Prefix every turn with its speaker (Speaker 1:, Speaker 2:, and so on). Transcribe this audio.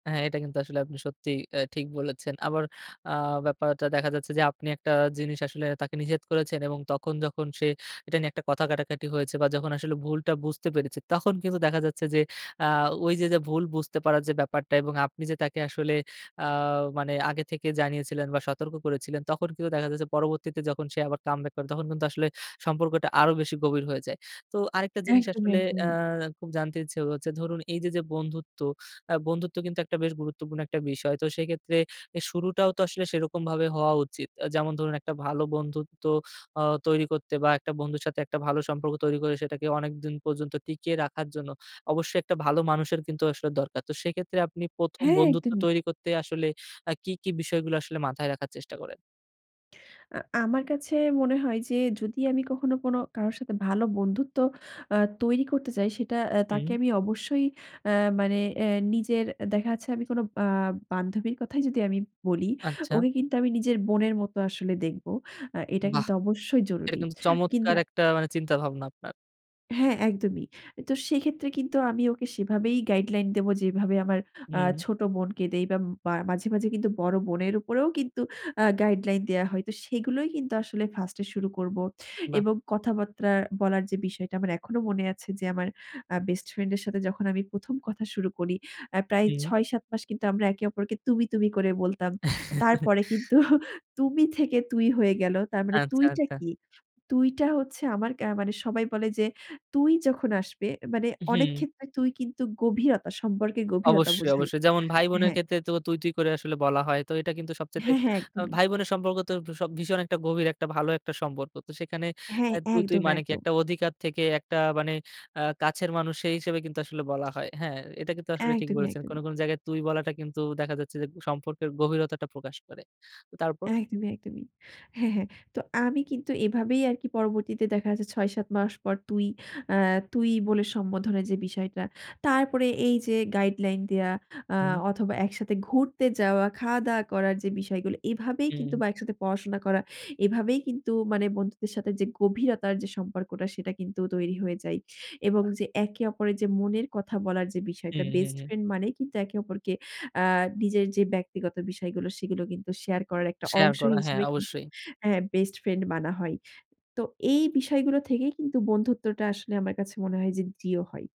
Speaker 1: হ্যাঁ, এটা কিন্তু আসলে আপনি সত্যি অ্যা ঠিক বলেছেন। আবার অ্যা ব্যাপারটা দেখা যাচ্ছে যে আপনি একটা জিনিস আসলে তাকে নিষেধ করেছেন এবং তখন যখন সে এটা নিয়ে একটা কথা কাটাকাটি হয়েছে বা যখন আসলে ভুলটা বুঝতে পেরেছে, তখন কিন্তু দেখা যাচ্ছে যে অ্যা ওইযে যে ভুল বুঝতে পারার যে ব্যাপারটা এবং আপনি যে তাকে আসলে অ্যা মানে আগে থেকে জানিয়েছিলেন বা সতর্ক করেছিলেন তখন কিন্তু দেখা যাচ্ছে পরবর্তীতে যখন সে আবার কামবাক করে তখন কিন্তু আসলে সম্পর্কটা আরো বেশি গভীর হয়ে যায়। তো আরেকটা জিনিস
Speaker 2: একদমই,
Speaker 1: আসলে
Speaker 2: একদমই।
Speaker 1: অ্যা খুব জানতে ইচ্ছে হচ্ছে ধরুন এইযে যে বন্ধুত্ব, অ্যা বন্ধুত্ব কিন্তু একটা বেশ গুরুত্বপূর্ণ একটা বিষয়। তো সেইক্ষেত্রে এর শুরুটাও তো আসলে সেরকমভাবে হওয়া উচিত। আ যেমন ধরুন একটা ভালো বন্ধুত্ব অ্যা তৈরি করতে বা একটা বন্ধুর সাথে একটা ভালো সম্পর্ক তৈরি করে সেটাকে অনেকদিন পর্যন্ত টিকিয়ে রাখার জন্য অবশ্যই একটা ভালো মানুষের কিন্তু আসলে দরকার। তো সেক্ষেত্রে আপনি ১ম
Speaker 2: হ্যাঁ,
Speaker 1: বন্ধুত্ব
Speaker 2: একদমই।
Speaker 1: তৈরি করতে আসলে অ্যা কি, কি বিষয়গুলো আসলে মাথায় রাখার চেষ্টা করেন?
Speaker 2: আ আমার কাছে মনে হয় যে যদি আমি কখনো কোনো কারো সাথে ভালো বন্ধুত্ব অ্যা তৈরি করতে চাই সেটা অ্যা
Speaker 1: হুম।
Speaker 2: তাকে আমি অবশ্যই অ্যা মানে অ্যা নিজের দেখা যাচ্ছে আমি কোনো আ বান্ধবীর কথাই যদি আমি বলি
Speaker 1: আচ্ছা।
Speaker 2: ওকে কিন্তু আমি নিজের বোনের মতো আসলে দেখব। অ্যা এটা
Speaker 1: বাহ!
Speaker 2: কিন্তু অবশ্যই
Speaker 1: এটা
Speaker 2: জরুরি।
Speaker 1: কিন্তু চমৎকার
Speaker 2: কিংবা
Speaker 1: একটা মানে চিন্তা-ভাবনা আপনার।
Speaker 2: হ্যাঁ, একদমই। তো সেক্ষেত্রে কিন্তু আমি ওকে সেভাবেই গাইডলাইন দেব যেভাবে আমার অ্যা
Speaker 1: হুম।
Speaker 2: ছোট বোনকে দেই বা মাঝে, মাঝে কিন্তু বড় বোনের উপরেও কিন্তু অ্যা গাইডলাইন দেয়া হয়। তো সেগুলোই কিন্তু আসলে 1st এ শুরু করব।
Speaker 1: বাহ!
Speaker 2: এবং কথাবার্তা বলার যে বিষয়টা আমার এখনো মনে আছে যে আমার অ্যা বেস্ট ফ্রেন্ড এর সাথে যখন আমি ১ম কথা শুরু করি। অ্যা প্রায়
Speaker 1: হুম।
Speaker 2: ৬-৭ মাস কিন্তু আমরা একে অপরকে তুমি, তুমি করে বলতাম। তারপরে কিন্তু তুমি থেকে তুই হয়ে গেল। তার মানে
Speaker 1: আচ্ছা,
Speaker 2: তুইটা
Speaker 1: আচ্ছা।
Speaker 2: কি? তুইটা হচ্ছে আমার কা মানে সবাই বলে যে তুই যখন আসবে, মানে
Speaker 1: উ
Speaker 2: অনেক
Speaker 1: হুম।
Speaker 2: ক্ষেত্রে তুই কিন্তু গভীরতা সম্পর্কে গভীরতা
Speaker 1: অবশ্যই,
Speaker 2: বোঝাই
Speaker 1: অবশ্যই যেমন ভাই-বোনের
Speaker 2: হ্যাঁ।
Speaker 1: ক্ষেত্রে তো তুই, তুই করে আসলে বলা হয়। তো এটা কিন্তু সবচাইতে
Speaker 2: হ্যাঁ, হ্যাঁ,
Speaker 1: আ
Speaker 2: একদমই।
Speaker 1: ভাই-বোনের সম্পর্ক তো ভ ভীষণ একটা গভীর একটা ভালো একটা সম্পর্ক। তো সেখানে
Speaker 2: হ্যাঁ।
Speaker 1: অ্যা তুই, তুই
Speaker 2: একদম,
Speaker 1: মানে কি?
Speaker 2: একদম।
Speaker 1: একটা অধিকার থেকে একটা মানে অ্যা কাছের মানুষ সেই হিসেবে কিন্তু আসলে বলা হয়। হ্যাঁ? এটা কিন্তু আসলে ঠিক
Speaker 2: একদমই,
Speaker 1: বলেছেন। কোনো,
Speaker 2: একদমই।
Speaker 1: কোনো জায়গায় তুই বলাটা কিন্তু দেখা যাচ্ছে যে সম্পর্কের গভীরতাটা প্রকাশ করে। তারপর?
Speaker 2: একদমই, একদমই। হ্যাঁ, হ্যাঁ। তো আমি কিন্তু এভাবেই আরকি পরবর্তীতে দেখা যাচ্ছে ৬-৭ মাস পর তুই অ্যা তুই বলে সম্বোধনের যে বিষয়টা। তারপরে এই যে গাইডলাইন দেয়া অ্যা
Speaker 1: হুম।
Speaker 2: অথবা একসাথে ঘুরতে যাওয়া, খাওয়া-দাওয়া করার যেই বিষয়গুলো এভাবেই কিন্তু
Speaker 1: হুম।
Speaker 2: বা একসাথে পড়াশোনা করা। এভাবেই কিন্তু মানে বন্ধুদের সাথে যে গভীরতার যে সম্পর্কটা সেটা কিন্তু তৈরি হয়ে যায়। এবং যে একে অপরের যে মনের কথা বলার যে বিষয়টা
Speaker 1: হুম, হুম,
Speaker 2: বেস্ট
Speaker 1: হুম।
Speaker 2: ফ্রেন্ড মানেই কিন্তু একে অপরকে অ্যা নিজের যে ব্যক্তিগত বিষয়গুলো সেগুলো কিন্তু শেয়ার করার একটা
Speaker 1: শেয়ার
Speaker 2: অংশ
Speaker 1: করা হ্যাঁ,
Speaker 2: হিসেবে কিন্তু
Speaker 1: অবশ্যই।
Speaker 2: হ্যাঁ, বেস্ট ফ্রেন্ড মানা হয়। তো এই বিষয়গুলো থেকেই কিন্তু বন্ধুত্বটা আসলে আমার কাছে মনে হয় যে দৃঢ় হয়।